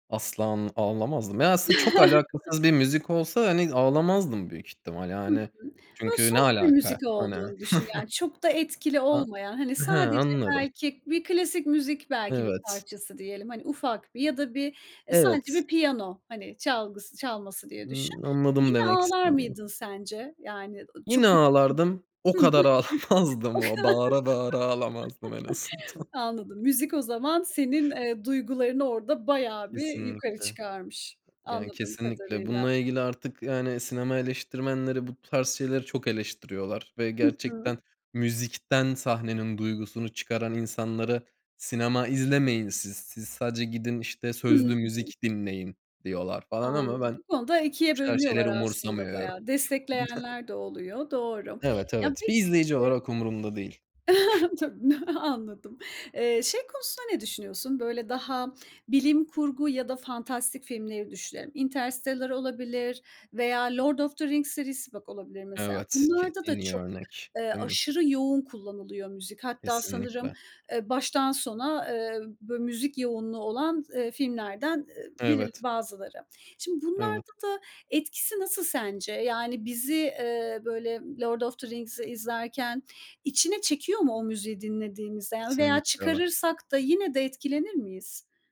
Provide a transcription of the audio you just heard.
Asla, anl ağlamazdım. Ya, aslında çok alakasız bir müzik olsa, hani, ağlamazdım büyük ihtimal, Hı yani. hı. Bunun Çünkü ne soft bir alaka? müzik Hani. olduğunu düşün. Yani, çok da etkili A olmayan, hani, Hıı, sadece anladım. belki bir klasik müzik, belki, bir Evet. parçası diyelim. Hani, ufak bi ya da bir, e, sadece Evet. bir piyano, hani, çalgısı çalması diye düşün. Iıı, anladım Yine demek ağlar istediğini. mıydın sence? Yani, ııı, çok Yine ağlardım. O etkilenir Hıı. kadar O kadar. ağlamazdım o, bağıra bağıra ağlamazdım en azından. Anladım. Müzik o zaman senin, eee, duygularını orada bayağı bir yukarı Kesinlikle. çıkarmış Yani, anladığım kesinlikle kadarıyla. bununla ilgili artık, yani, sinema eleştirmenleri bu tarz şeyleri çok eleştiriyorlar. Ve Hı hı. gerçekten müzikten sahnenin duygusunu çıkaran insanlara, "Sinema izlemeyin siz, siz sadece gidin, işte, sözlü Hıı. müzik dinleyin." diyorlar, falan, ama Anladım. ben Bu bu konuda 2'ye tarz şeyleri bölünüyorlar aslında umursamıyorum. bayağı. Destekleyenler de oluyor. Doğru. Evet, Ya, evet. Bir peki, izleyici eee olarak umurumda değil. Tabii, n anladım. Eee, şey konusunda ne düşünüyorsun? Böyle, daha, bilim kurgu ya da fantastik filmleri düşünelim. Interstellar olabilir veya The Lord of the Rings serisi, bak, olabilir mesela. Evet, ke Bunlarda en da iyi çok, örnek, eee, değil mi? aşırı yoğun kullanılıyor müzik. Hatta sanırım, Kesinlikle. eee, baştan sona, eee, bö müzik yoğunluğu olan, eee, filmlerden eee, biril Evet. bazıları. Şimdi Evet. bunlarda da etkisi nasıl sence? Yani, bizi, eee, böyle, Lord of the Rings'i izlerken içine çekiyor mu o müziği dinlediğimizde, ya, veya Kesinlikle, evet. çıkarırsak da yine de etkilenir miyiz?